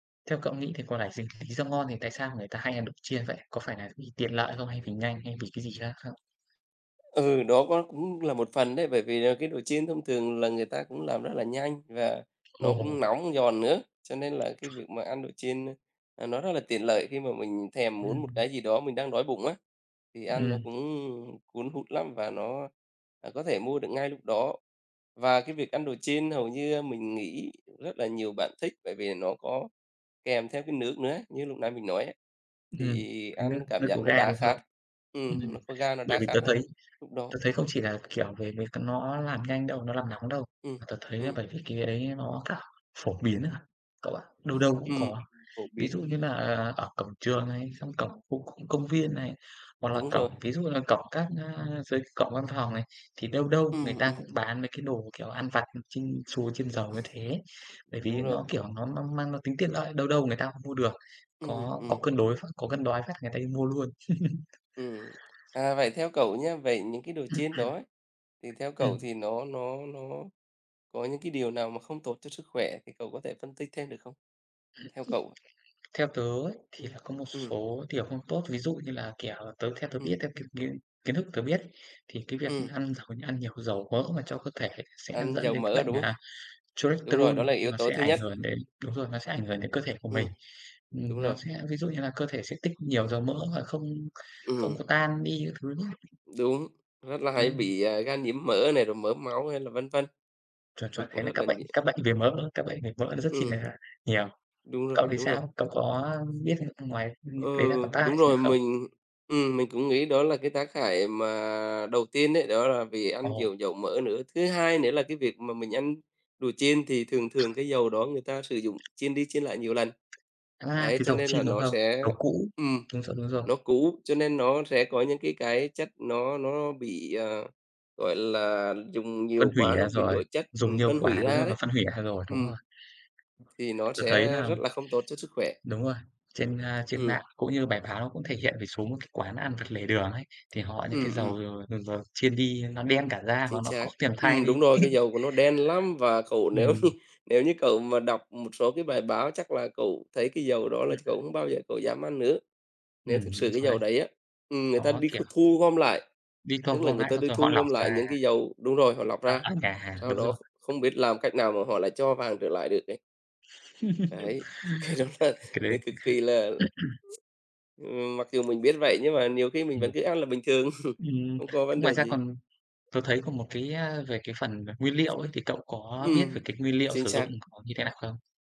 Theo cậu nghĩ thì có là gì lý do ngon thì tại sao người ta hay ăn đồ chiên vậy? Có phải là vì tiện lợi không hay vì nhanh hay vì cái gì khác không? Ừ, đó, có cũng là một phần đấy, bởi vì là cái đồ chiên thông thường là người ta cũng làm rất là nhanh và nó cũng Ồ! nóng, giòn nữa, cho nên là cái việc mà ăn đồ chiên, ơ, ờ, nó rất là tiện lợi khi mà mình thèm muốn một Ừm. cái gì đó mình đang đói bụng á, thì ăn nó Ừm. cũng, ưm, cuốn hút lắm và nó, à, có thể mua được ngay lúc đó. Và cái việc ăn đồ chiên hầu như, a, mình nghĩ rất là nhiều bạn thích bởi vì nó có kèm theo cái nước nữa, như lúc nãy mình nói á, Ừm. thì Cái ăn nước cảm nước giác có nó ga, đã đúng khát. không? Ừm, Ừm, nó có ga nó bởi đã vì tớ khát thấy hơn lúc đó. tớ thấy không chỉ là, kiểu, về mấy cái nó làm nhanh đâu, nó làm nóng đâu, Ừm. mà tớ thấy là Ừm. bởi vì cái ấy nó cả phổ biến à cậu ạ, đâu đâu cũng Ừm. có. Phổ Ví dụ biến. như là ở cổng trường này, trong cổng khu công công viên này, hoặc là Đúng cổng, rồi. ví dụ như là cổng các, a, dưới cổng văn phòng này, thì đâu đâu người Ừm, ta ừm. cũng bán mấy cái đồ, kiểu, ăn vặt chiên xù, chiên dầu như thế, bởi vì Đúng nó, rồi. kiểu, nó nó mang nó tính tiện lợi đâu đâu người ta cũng mua được, Ừm, có có ừm. cân đối phát có cơn đói phát người ta đi mua luôn. Ừm. À, vậy theo cậu nhá, vậy những cái đồ chiên đó ấy thì theo cậu Ừm. thì nó nó nó có những cái điều nào mà không tốt cho sức khỏe thì cậu có thể phân tích thêm được không? Theo cậu? Theo tớ ấy thì Ừm. là có một Ừm. số, kiểu, không tốt, ví dụ như là, kiểu, tớ theo tớ Ừm. biết theo, kiểu như, kiến thức tớ biết, thì cái việc Ừm. ăn h ăn nhiều dầu mỡ mà cho cơ thể sẽ Ăn dẫn dầu đến cái mỡ, bệnh, đúng hông? à, Đúng rồi, Cholesterol đó là yếu nó tố sẽ thứ ảnh nhất. hưởng đến đúng rồi, nó sẽ ảnh hưởng đến cơ thể của Ừm. mình. Ừm, Đúng nó rồi. sẽ ví dụ như là cơ thể sẽ tích nhiều dầu mỡ và không không Ừm. có tan đi các thứ ấy. Đúng! Rất là hay Ừm. bị, à, gan nhiễm mỡ này, rồi mỡ máu hay là vân vân. Chuẩn, Thì chuẩn, cũng thế là rất là các bệnh nhiều. các bệnh về mỡ các bệnh về mỡ nó rất chi Ừm. là nhiều. Đúng rồi, Cậu thì đúng rồi. sao? Cậu có, ơ, biết ăn ngoài như Ừ, đấy ra còn tác hại đúng gì nữa rồi, không? mình ừm, mình cũng nghĩ đó là cái tác hại mà đầu tiên ấy, đó là vì ăn Ồ. nhiều dầu mỡ nữa. Thứ hai nữa là cái việc mà mình ăn đồ chiên thì thường thường cái dầu đó người ta sử dụng chiên đi chiên lại nhiều lần. À, Đấy, cái cho dầu nên là chiên, đúng nó không? sẽ Dầu cũ. ừm, Đúng rồi, đúng rồi. nó cũ cho nên nó sẽ có những cái cái chất nó nó bị, ờ, gọi là, dùng Phân nhiều hủy quá nó ra biến rồi. đổi chất, Dùng ừm, nhiều phân hủy quá, đúng ra rồi, nó đấy. phân hủy ra rồi, đúng Ừm. rồi. Thì nó Tớ thấy sẽ là rất là không tốt cho sức khỏe. đúng rồi, trên, a, trên Ừm. mạng cũng như bài báo nó cũng thể hiện về số một cái quán ăn vặt lề đường ấy, thì họ những cái Ừm, ừm. dầu dầu dầu chiên đi nó đen cả ra và Chính nó khó xác. tìm thay Ừm, đúng đi. rồi, cái dầu của nó đen lắm và cậu nếu như Ừm. nếu như cậu mà đọc một số cái bài báo chắc là cậu thấy cái dầu đó là Ừm. cậu không bao giờ cậu dám ăn nữa. Nếu Ừm, thực đúng sự cái rồi đấy. dầu đấy á, ừm, người ta Nó, đi kh kiểu thu gom lại, đi thu tức là gom người lại ta xong đi rồi họ thu lọc gom lại ra. những cái dầu đúng rồi họ lọc Ờ, ra, ở nhà hàng, sau đúng đó rồi. không biết làm cách nào mà họ lại cho vàng trở lại được đấy. Đấy, cái đó là Cái đấy nó cực kỳ là là ừm, mặc dù mình biết vậy nhưng mà nhiều khi mình vẫn Ừm. cứ ăn là bình thường. Ừm. Không có vấn Ngoài đề ra gì. còn tớ thấy còn một cái, a, về cái phần nguyên liệu ấy thì cậu Ừm, có biết ừm, về cái nguyên liệu chính sử dụng xác. nó như thế nào không?